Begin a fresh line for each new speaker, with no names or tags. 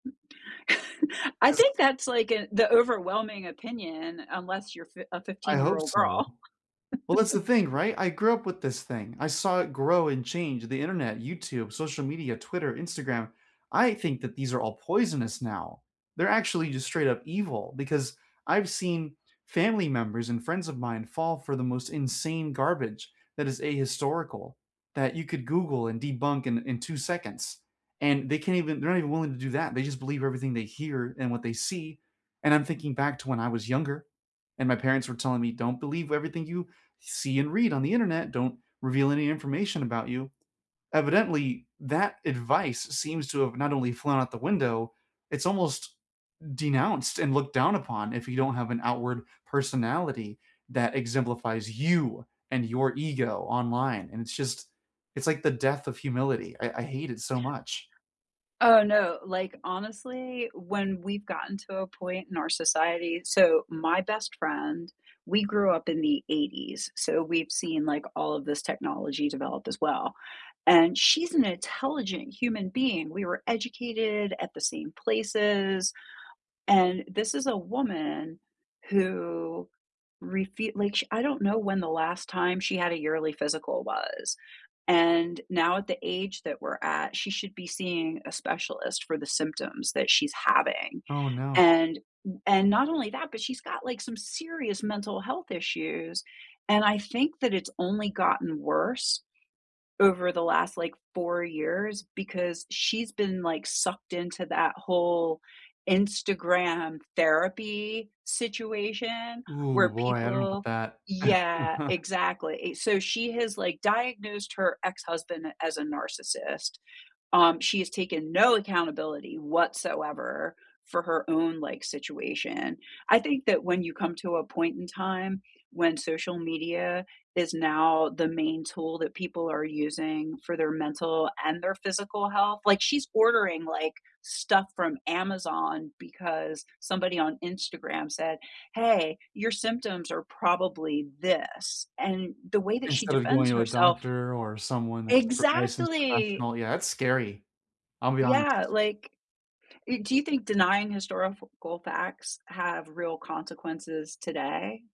I think
'Cause
that's, like a the overwhelming opinion unless you're fi a
I hope
fifteen-year-old
so.
girl.
Well, that's the thing right? I grew up with this thing. I saw it grow and change, the Internet, YouTube, social media, Twitter, Instagram, I think that these are all poisonous now. They're actually just straight up evil because I've seen family members and friends of mine fall for the most insane garbage that is ahistorical, that you could Google and debunk in in 2 seconds, and they can't even they're not even willing to do that, they just believe everything they hear, and what they see, and I'm thinking back to when I was younger, and my parents were telling me, "Don't believe w everything you see and read on the Internet, don't reveal any information about you." Evidently, that advice seems to have not only flown out the window, it's almost denounced and looked down upon if you don't have an outward personality that exemplifies you and your ego online, and it's just it's like the death of humility, I I hate it so much.
Oh, no, like, honestly, when we've gotten to a point in our society so, my best friend we grew up in the '80s, so, we've seen, like, all of this technology develop as well. And she's an intelligent human being, we were educated at the same places and this is a woman who refu like sh I don't know when the last time she had a yearly physical was. And now at the age that we're at, she should be seeing a specialist for the symptoms that she's having,
Oh, no.
and w and not only that, but she's got, like, some serious mental health issues. And I think that it's only gotten worse over the last, like, 4 years because she's been, like, sucked into that whole Instagram therapy situation
Ooh,
where
boy, I don't know about
people
that.
yeah, exactly so, she has, like, diagnosed her ex-husband as a narcissist, um, she has taken no accountability whatsoever for her own, like, situation, I think that when you come to a point in time when social media is now the main tool that people are using for their mental, and their physical health like, she's ordering, like, stuff from Amazon because somebody on Instagram said, "Hey, your symptoms are probably this," and the way that she
Instead of
defends
going to a
herself
doctor or someone that's pro licensed
exactly.
professional, yeah, that's scary. I'll be
Yeah,
honest.
like, e do you think denying historical facts have real consequences today?